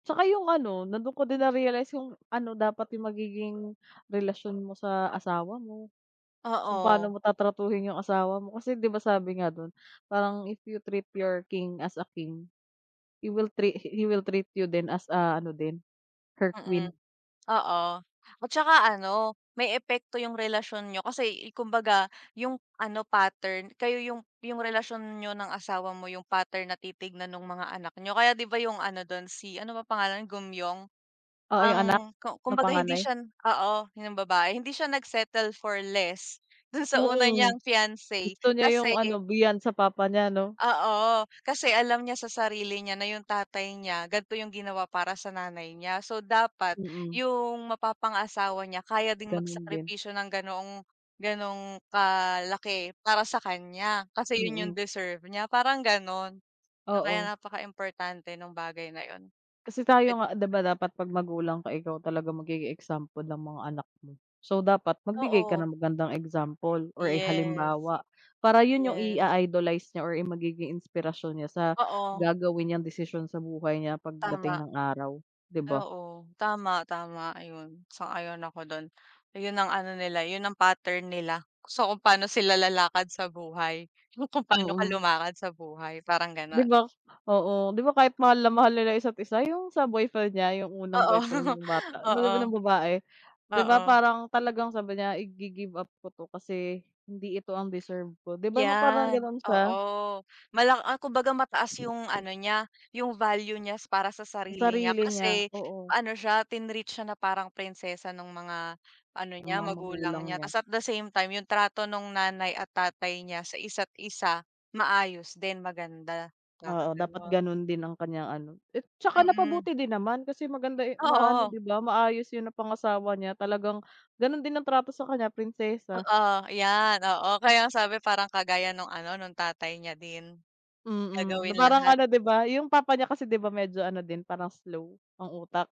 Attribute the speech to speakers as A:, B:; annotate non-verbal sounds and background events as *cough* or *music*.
A: Tsaka yung ano, na dun ko din na-realize yung ano, dapat yung magiging relasyon mo sa asawa mo, kung paano
B: Oo.
A: mo tatratuhin yung asawa mo. Kasi, di ba, sabi nga dun, parang, "If you treat your king as a king, he will trea he will treat you," din "as," ah, ano din, "her
B: Mm.
A: queen."
B: Oo, at tsaka ano, may epekto yung relasyon niyo, kasi, eh, kumbaga yung ano, pattern kayo yung yung relasyon niyo ng asawa mo, yung pattern na titignan nung mga anak niyo. Kaya di ba, yung ano dun, si ano ba pangalan nun, Geum-myeong?
A: Oo,
B: Ang
A: yung anak,
B: ku
A: na
B: kumbaga hindi
A: panganay?
B: siya oo, yun yung babae, hindi siya nag-settle for less dun sa una
A: Oo.
B: niyang fiance,
A: Gusto niya
B: kasi
A: yung ano, beyond sa papa niya, no?
B: Oo, kasi alam niya sa sarili niya na yung tatay niya, ganito yung ginawa para sa nanay niya. So dapat
A: Mm.
B: yung mapapangasawa niya kaya ding
A: Ganun din.
B: magsakripisyo ng ganoong ganoong kalaki para sa kanya. Kasi yun yung
A: Mm.
B: deserve niya, parang gano'n. Na kaya
A: Oo.
B: napaka-importante nung bagay na yon.
A: Kasi
B: Kahit
A: tayo nga, di ba, dapat pag magulang ka, ikaw talaga magiging example ng mga anak mo? So, dapat magbigay ka
B: Oo.
A: ng magandang example or, eh,
B: Yes.
A: halimbawa. Para yun yung
B: Yes.
A: i-a-idolize niya or yung magiging inspirasyon niya sa,
B: Oo.
A: gagawin niyang desisyon sa buhay niya
B: Tama.
A: pagdating ng araw, di
B: Ay,
A: ba?
B: oo. Tama, tama, ayon. Sang-ayon ako do'n. Yon ang ano nila, yun ang pattern nila. So, kung paano sila lalakad sa buhay, yung kung paano ka
A: Mm.
B: lumakad sa buhay, parang gano'n.
A: Di ba? Oo, di ba kahit mahal na mahal nila yung isa't-isa yung sa boyfriend niya, yung unang
B: Oo.
A: boyfriend
B: *chuckles*
A: nung bata, 'no di ba,
B: Oo.
A: nambabae? Di ba
B: Oo.
A: parang talagang sabi niya, "I-gi-give up ko 'to, kasi hindi ito ang deserve ko." Di ba, ma parang
B: Yan,
A: gano'n siya?
B: oo. Mala ah, kumbaga mataas yung ano niya, yung value niya para sa
A: Sa
B: sarili niya,
A: sarili niya,
B: kasi
A: oo.
B: ano siya, tinreat siya na parang prinsesa nung mga ano
A: Ng
B: niya,
A: mga
B: magulang
A: magulang
B: niya.
A: niya.
B: Ta's at the same time, yung trato nung nanay at tatay niya sa isa't-isa, maayos din, maganda, parang
A: Oo, dapat
B: gano'n.
A: ganun din ang kanyang ano. Eh, tsaka
B: Mm.
A: napabuti din naman kasi maganda, eh maano
B: Oo.
A: di ba, maayos yung napangasawa niya. Talagang ganun din ang trato sa kanya, prinsesa.
B: Oo, iyan, oo. Kaya nga ang sabi, parang kagaya nung ano, nung tatay niya din,
A: Mm, na
B: gagawin
A: parang
B: lahat.
A: ano, di ba, yung papa niya kasi, di ba, medyo ano din, parang slow ang utak.